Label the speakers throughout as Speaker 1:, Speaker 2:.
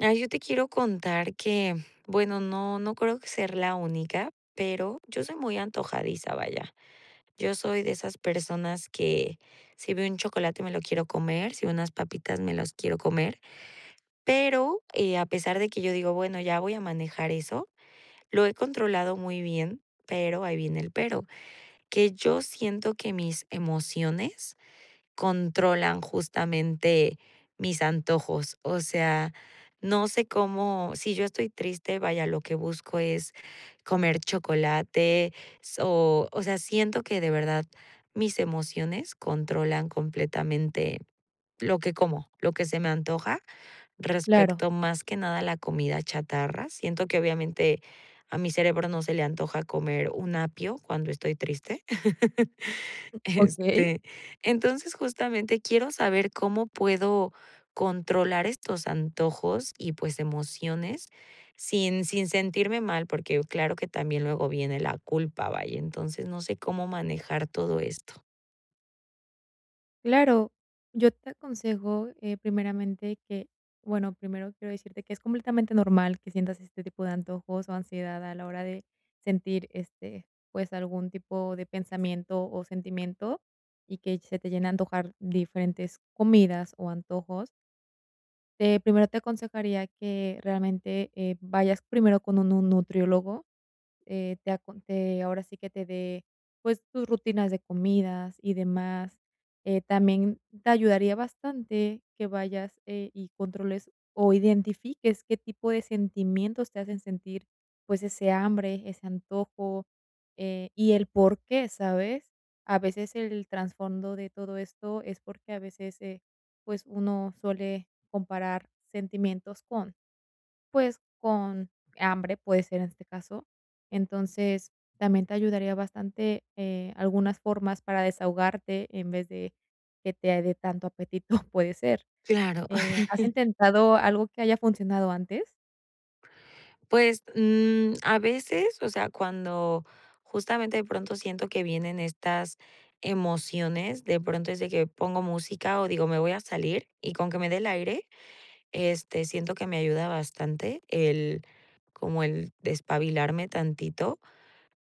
Speaker 1: Ay, yo te quiero contar que Bueno, no no creo que ser la única, pero yo soy muy antojadiza, vaya. Yo soy de esas personas que, si veo un chocolate, me lo quiero comer, si veo unas papitas, me las quiero comer. Pero, eh, a pesar de que yo digo: "Bueno, ya voy a manejar eso", lo he controlado muy bien, pero ahí viene el pero. Que yo siento que mis emociones controlan justamente mis antojos. O sea, no sé cómo Si yo estoy triste, vaya, lo que busco es comer chocolate, so O sea, siento que de verdad mis emociones controlan completamente lo que como, lo que se me antoja,
Speaker 2: Claro.
Speaker 1: respecto más que nada a la comida chatarra. Siento que obviamente, a mi cerebro no se le antoja comer un apio cuando estoy triste.
Speaker 2: Okey.
Speaker 1: Este Entonces, justamente quiero saber cómo puedo controlar estos antojos y, pues, emociones, sin sin sentirme mal. Porque, uh, claro que también luego viene la culpa, vaya. Entonces, no sé cómo manejar todo esto.
Speaker 2: Claro, yo te aconsejo, eh, primeramente, que bueno, primero quiero decirte que es completamente normal que sientas este tipo de antojos, o ansiedad a la hora de sentir, este, pues, algún tipo de pensamiento o sentimiento, y que se te llene a antojar diferentes comidas o antojos. Eh, primero te aconsejaría que realmente, eh, vayas primero con un nu nutriólogo, eh, te acon te ahora sí que te dé, pues, tus rutinas de comidas y demás. Eh, también te ayudaría bastante que vayas, eh, y controles o identifiques qué tipo de sentimientos te hacen sentir, pues, ese hambre, ese antojo, eh, y el por qué, ¿sabes? A veces el trasfondo de todo esto es porque a veces, eh, pues, uno suele comparar sentimientos con, pues con hambre, puede ser en este caso. Entonces, también te ayudaría bastante, eh, algunas formas para desahogarte, en vez de que te dé tanto apetito, puede ser,
Speaker 1: Claro.
Speaker 2: eh, ¿has intentado algo que haya funcionado antes?
Speaker 1: Pues, mm, a veces, o sea, cuando justamente de pronto siento que vienen estas emociones, de pronto es de que pongo música, o digo: "Me voy a salir", y con que me dé el aire, este, siento que me ayuda bastante el, como el despabilarme tantito.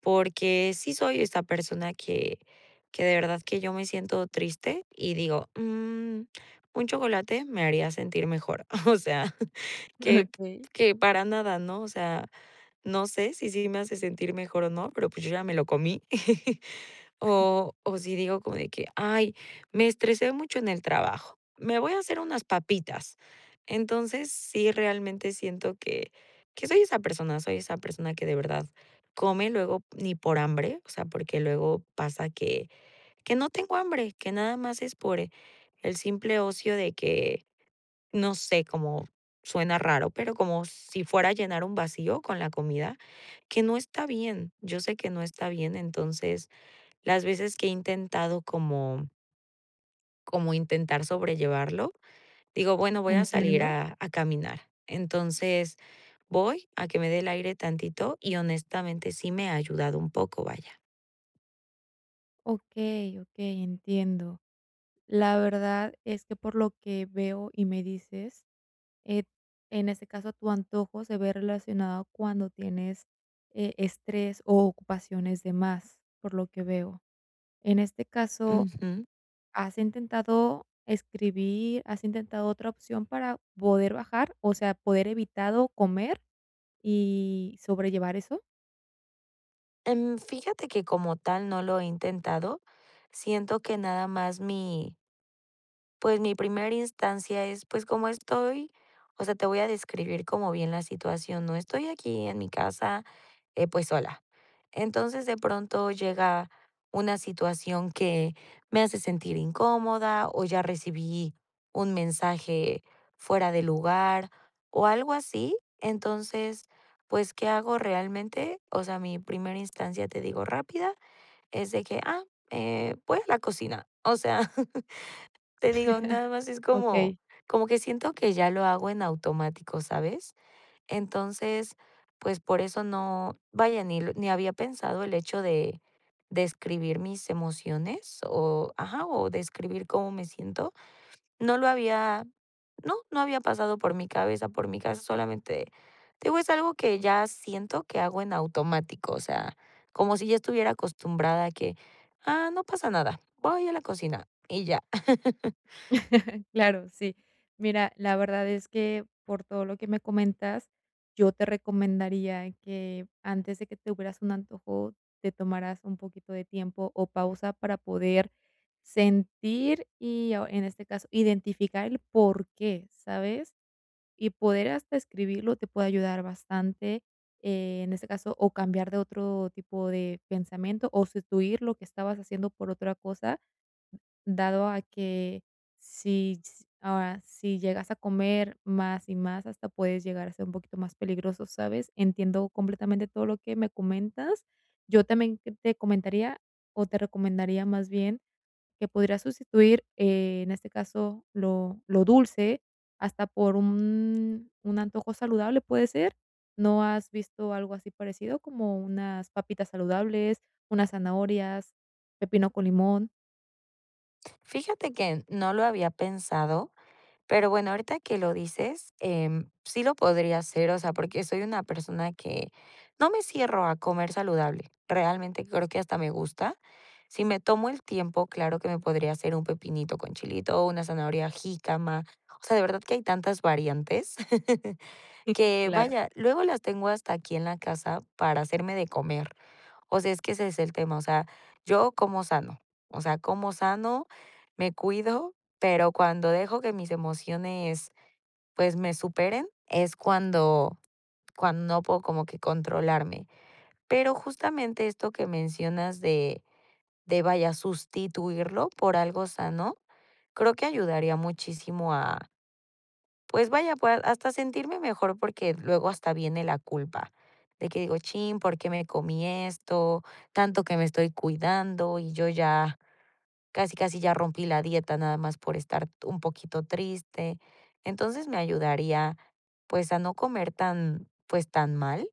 Speaker 1: Porque, sí soy esta persona que que de verdad que yo me siento triste, y digo: "Mm, un chocolate me haría sentir mejor". O sea, que p
Speaker 2: Okey.
Speaker 1: que para nada, ¿no? O sea, no sé si, sí me hace sentir mejor o no, pero, pues, yo ya me lo comí. O o si digo como de que: "Ay, me estresé mucho en el trabajo, me voy a hacer unas papitas". Entonces, sí, realmente siento que soy esa persona soy esa persona que de verdad come, luego, ni por hambre, o sea, porque luego pasa que que no tengo hambre, que nada más es por el simple ocio de que, no sé, cómo suena raro, pero como si fuera a llenar un vacío con la comida, que no está bien. Yo sé que no está bien, entonces las veces que he intentado como como intentar sobrellevarlo, digo: "Bueno, voy a salir
Speaker 2: Entiendo.
Speaker 1: a a caminar". Entonces, voy a que me dé el aire tantito, y honestamente, sí me ha ayudado un poco, vaya.
Speaker 2: Okey, okey, entiendo. La verdad es que por lo que veo y me dices, eh, en ese caso, tu antojo se ve relacionado cuando tienes, eh, estrés o ocupaciones de más, por lo que veo. En este caso,
Speaker 1: Ujú.
Speaker 2: ¿has intentado escribir, has intentado otra opción para poder bajar, o sea, poder evitado comer y sobrellevar eso?
Speaker 1: Em, fíjate que, como tal, no lo he intentado. Siento que nada más mi pues, mi primera instancia es, pues, como estoy, o sea, te voy a describir como bien la situación, ¿no? Estoy aquí en mi casa, eh, pues, sola. Entonces, de pronto llega una situación que me hace sentir incómoda, o ya recibí un mensaje fuera de lugar, o algo así. Entonces, pues, ¿qué hago realmente? O sea, mi primera instancia, te digo, rápida, es de que: "Ah, eh, voy a la cocina". O sea, te digo, nada más es como
Speaker 2: Okey.
Speaker 1: como que siento que ya lo hago en automático, ¿sabes? Entonces, pues por eso no vaya, ni ni había pensado el hecho de de escribir mis emociones oh, ajá, o de escribir cómo me siento. No lo había no no había pasado por mi cabeza, por mi cabeza, solamente te digo, es algo que ya siento que hago en automático, o sea, como si ya estuviera acostumbrada a que: "Ah, no pasa nada, voy a la cocina". Y ya.
Speaker 2: Claro, sí. Mira, la verdad es que, por todo lo que me comentas, yo te recomendaría que, antes de que tuvieras un antojo, te tomaras un poquito de tiempo o pausa para poder sentir y, o, en este caso, identificar el por qué, ¿sabes? Y poder hasta escribirlo te puede ayudar bastante, eh, en este caso, o cambiar de otro tipo de pensamiento o sustituir lo que estabas haciendo por otra cosa, dado a que si, s ah, si llegas a comer más y más, hasta puedes llegar a ser un poquito más peligroso, ¿sabes? Entiendo completamente todo lo que me comentas. Yo también qué te comentaría, o te recomendaría, más bien, que pudieras sustituir, eh, en este caso, lo lo dulce hasta por un un antojo saludable, ¿puede ser? ¿No has visto algo así parecido? Como unas papitas saludables, unas zanahorias, pepino con limón.
Speaker 1: Fíjate que, mm, no lo había pensado, pero bueno, ahorita que lo dices, em, sí lo podría hacer, o sea, porque soy una persona que no me cierro a comer saludable. Realmente creo que hasta me gusta. Si me tomo el tiempo, claro que me podría hacer un pepinito con chilito o una zanahoria jícama. O sea, de verdad que hay tantas variantes que,
Speaker 2: Claro.
Speaker 1: vaya, luego las tengo hasta aquí en la casa para hacerme de comer. O sea, es que ese es el tema, o sea, yo como sano, o sea, como sano, me cuido, pero cuando dejo que mis emociones, pues, me superen, es cuando cuando no puedo como que controlarme. Pero justamente esto que mencionas de de, vaya, sustituirlo por algo sano, creo que ayudaría muchísimo a pues vaya, pues hasta a sentirme mejor porque luego hasta viene la culpa. De que digo: "Chin, ¿por qué me comí esto? Tanto que me estoy cuidando y yo ya casi casi ya rompí la dieta nada más por estar t un poquito triste". Entonces, me ayudaría, pues, a no comer tan, pues, tan mal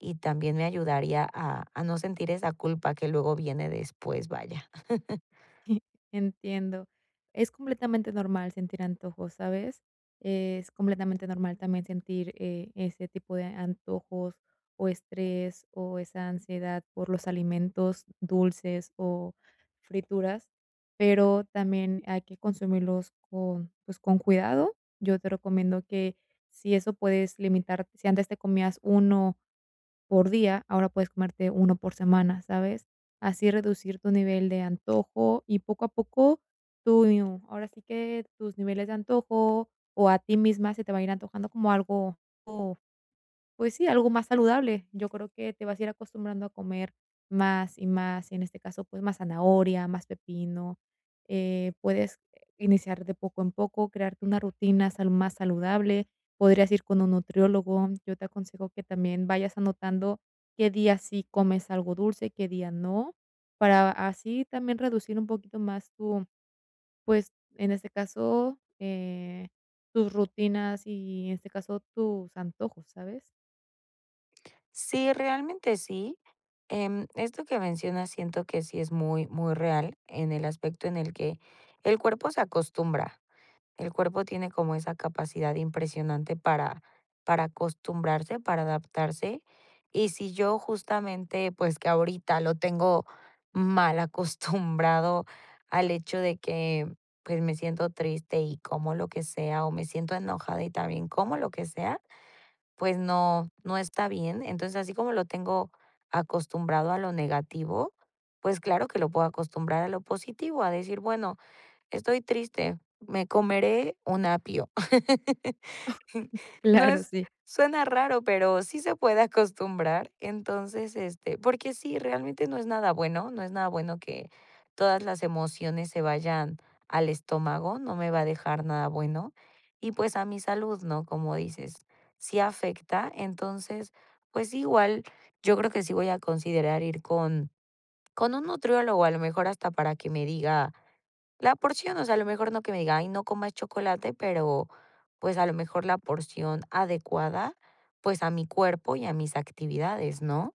Speaker 1: y también me ayudaría a a no sentir esa culpa que luego viene después, vaya.
Speaker 2: Entiendo. Es completamente normal sentir antojos, ¿sabes? Es completamente normal también sentir, eh, ese tipo de antojos o estrés o esa ansiedad por los alimentos dulces o frituras, pero también hay que consumirlos con, pues, con cuidado. Yo te recomiendo que, si eso puedes limitar si antes te comías uno por día, ahora puedes comerte uno por semana, ¿sabes? Así reducir tu nivel de antojo y, poco a poco, tu, y u ahora sí que tus niveles de antojo o a ti misma se te va a ir antojando como algo, o, pues sí, algo más saludable. Yo creo que te vas a ir acostumbrando a comer más y más, en este caso, pues más zanahoria, más pepino, eh, puedes iniciar de poco en poco, crearte una rutina salud más saludable, podrías ir con un nutriólogo, yo te aconsejo que también vayas anotando qué día sí comes algo dulce y qué día no, para así también reducir un poquito más tu, pues, en este caso, eh, tus rutinas y, en este caso, tus antojos, ¿sabes?
Speaker 1: Sí, realmente sí, em, esto que mencionas siento que sí es muy, muy real en el aspecto en el que el cuerpo se acostumbra. El cuerpo tiene como esa capacidad impresionante para para acostumbrarse, para adaptarse. Y si yo justamente, pues, que ahorita lo tengo malacostumbrado al hecho de que, pues, me siento triste y como lo que sea, o me siento enojada y también como lo que sea, pues no, no está bien. Entonces, así como lo tengo acostumbrado a lo negativo, pues claro que lo puedo acostumbrar a lo positivo, a decir: "Bueno, estoy triste, me comeré un apio". No
Speaker 2: Claro,
Speaker 1: es
Speaker 2: sí.
Speaker 1: suena raro, pero sí se puede acostumbrar. Entonces, este, porque sí, realmente no es nada bueno, no es nada bueno que todas las emociones se vayan al estómago, no me va a dejar nada bueno. Y, pues, a mi salud, ¿no?, como dices, sí afecta. Entonces, pues, sí, igual yo creo que sí voy a considerar ir con con un nutriólogo, a lo mejor hasta para que me diga la porción, o sea, a lo mejor no que me diga: "Ay, no comas chocolate", pero, pues, a lo mejor la porción adecuada, pues, a mi cuerpo y a mis actividades, ¿no?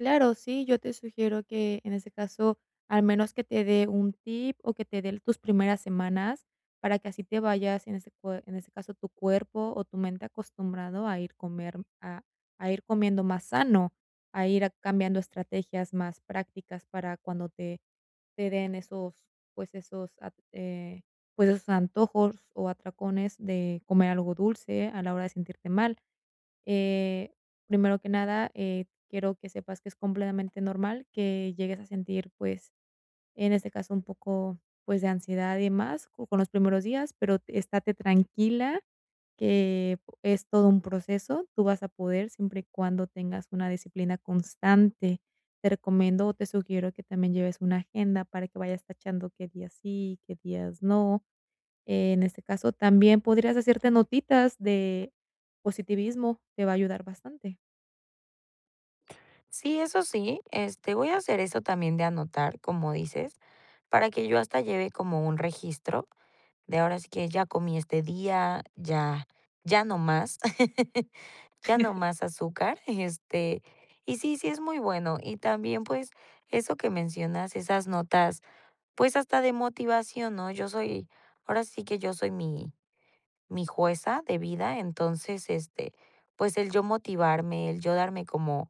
Speaker 2: Claro, sí, yo te sugiero que, en ese caso, al menos que te dé un tip o que te dé tus primeras semanas, para que así te vayas, en ese cue en ese caso, tu cuerpo o tu mente acostumbrado a ir comer a a ir comiendo más sano, a ir cambiando estrategias más prácticas para cuando te te den esos, pues, esos, at eh, pues esos antojos o atracones de comer algo dulce a la hora de sentirte mal. Eh, primero que nada, eh, quiero que sepas que es completamente normal que llegues a sentir, pues, en este caso, un poco, pues, de ansiedad y demás, con los primeros días, pero estate tranquila, que es todo un proceso, tú vas a poder, siempre y cuando tengas una disciplina constante. Te recomiendo, te sugiero que también lleves una agenda para que vayas tachando qué días sí, qué días no. Eh, en este caso, también podrías hacerte notitas de positivismo, te va a ayudar bastante.
Speaker 1: Sí, eso sí, este, voy a hacer eso también de anotar, como dices, para que yo hasta lleve como un registro, de ahora sí que, ya comí este día, ya ya no más ya no más azúcar, este, y sí, sí es muy bueno. Y también, pues, eso que mencionas, esas notas, pues, hasta de motivación, ¿no?, yo soy, ahora sí que yo soy mi mi jueza de vida. Entonces, este, pues, el yo motivarme, el yo darme como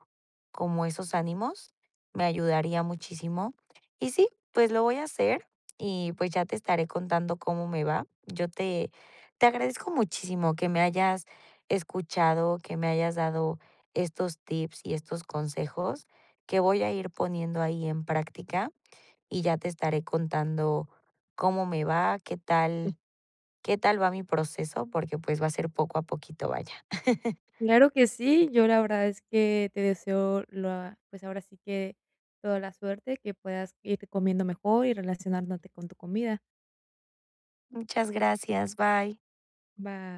Speaker 1: como esos ánimos me ayudaría muchísimo. Y sí, pues, lo voy a hacer, y pues, ya te estaré contando cómo me va. Yo te te agradezco muchísimo que me hayas escuchado, que me hayas dado estos tips y estos consejos que voy a ir poniendo ahí en práctica y ya te estaré contando cómo me va, qué
Speaker 2: Sí.
Speaker 1: tal qué tal va mi proceso porque, pues, va a ser poco a poquito, vaya.
Speaker 2: Claro que sí, yo la verdad es que te deseo lo a pues, ahora sí que toda la suerte, que puedas irte comiendo mejor y relacionándote con tu comida.
Speaker 1: Muchas gracias, bye.
Speaker 2: Va